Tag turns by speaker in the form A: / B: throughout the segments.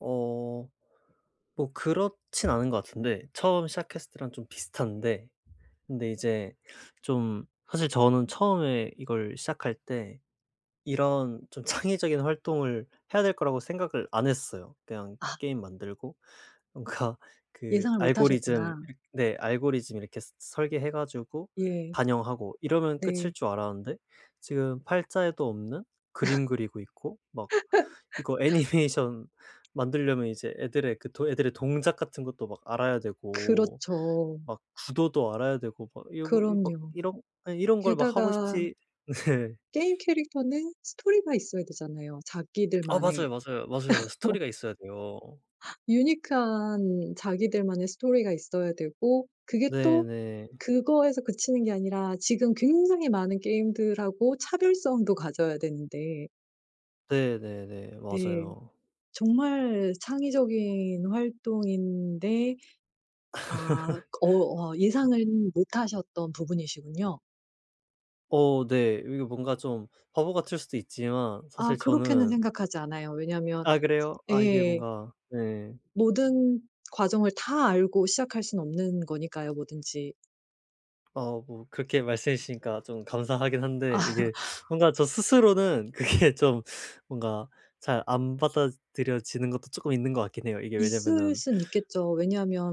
A: 어. 뭐 그렇진 않은 것 같은데 처음 시작했을 때랑 좀 비슷한데 근데 이제 좀 사실 저는 처음에 이걸 시작할 때 이런 좀 창의적인 활동을 해야 될 거라고 생각을 안 했어요. 그냥
B: 아.
A: 게임 만들고 뭔가 그
B: 예상을
A: 알고리즘
B: 못하셨구나.
A: [unintelligible] 네 알고리즘 이렇게 서 설계해 가지고
B: 예.
A: 반영하고 이러면 끝일
B: 네.
A: 줄 알았는데 지금 팔자에도 없는 그림 그리고 있고 막 이거 애니메이션 만들려면 이제 애들의 그 도 애들의 동작 같은 것도 막 알아야 되고
B: 그렇죠.
A: 막 구도도 알아야 되고 막 이거, 이거
B: 그럼요.
A: 이런 아니 이런 걸 막 하고
B: 게다가
A: 싶지 네.
B: 게임 캐릭터는 스토리가 있어야 되잖아요
A: 아.
B: 자기들만의.
A: 맞아요, 맞아요, 맞아요. 스토리가 있어야 돼요.
B: 유니크한 자기들만의 스토리가 있어야 되고 그게
A: 네
B: 또
A: 네.
B: 그거에서 그치는 게 아니라 지금 굉장히 많은 게임들하고 차별성도 가져야 되는데
A: 네 네 네.
B: 네.
A: 맞아요.
B: 정말 창의적인 활동인데 아. 어 아 예상은 못 하셨던 부분이시군요.
A: 어 네. 이게 뭔가 좀 바보 같을 수도 있지만
B: 아
A: 사실
B: 그렇게는
A: 저는
B: 생각하지 않아요. 왜냐하면
A: 아
B: [unintelligible]
A: 그래요? 아 이게
B: 예.
A: 뭔가 네.
B: 모든 과정을 다 알고 시작할 순 없는 거니까요 뭐든지.
A: 어 뭐 그렇게 말씀해 주시니까 좀 감사하긴 한데 이게 뭔가 저 스스로는 그게 좀 뭔가 잘 안 받아들여지는 것도 쪼끔 있는 것 같긴 해요. 이게
B: 있을
A: 왜냐면은
B: 순 있겠죠.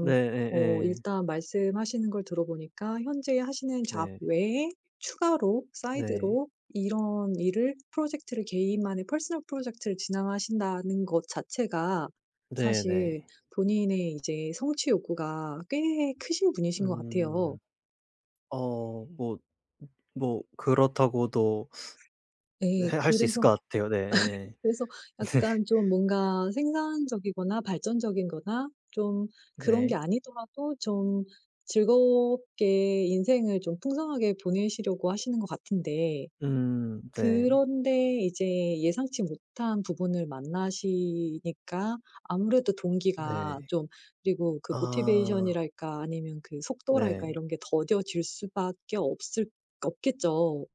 A: 네.
B: 어
A: 예 예.
B: 일단 말씀하시는 걸 들어 보니까 현재 하시는 잡
A: 네.
B: 외에 추가로
A: 네.
B: 사이드로 이런 일을 프로젝트를 개인만의 퍼스널 프로젝트를 진행하신다는 것 자체가
A: 네
B: 사실
A: 네.
B: 본인의 이제 성취 욕구가 꽤 크신 분이신 것 같아요.
A: 음. 어 뭐 [unintelligible] 뭐 그렇다고도 네
B: 예.
A: 할 수 있을
B: 그래서
A: 것 같아요. 네. 예예.
B: 그래서
A: 네.
B: 약간 좀 뭔가 생산적이거나 발전적인 거나 좀 그런 게
A: 네.
B: 아니더라도 좀 즐겁게 인생을 좀 풍성하게 보내시려고 하시는 것 같은데
A: 음. 네.
B: 그런데 이제 예상치 못한 부분을 만나시니까 아무래도 동기가
A: 네.
B: 좀 그리고 그
A: 아.
B: 모티베이션이랄까 아니면 그 속도랄까
A: 네.
B: 이런 게 더뎌질 수 밖에 없을 없겠죠.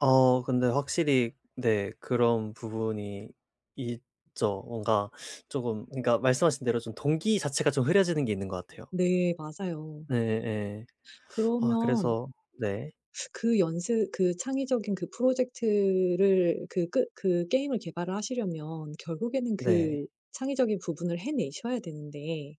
A: 어 근데 확실히 네 그런 부분이 있죠. 뭔가 쪼금 그러니까 말씀하신 대로 동기 자체가 좀 흐려지는 게 있는 것 같아요.
B: 네. 맞아요.
A: 네 예 예. 아
B: 그러면
A: 그래서 네.
B: 그 연습 그 창의적인 그 프로젝트를 그 끄 그 게임을 개발을 하시려면 결국에는
A: 네.
B: 그 창의적인 부분을 해내셔야 되는데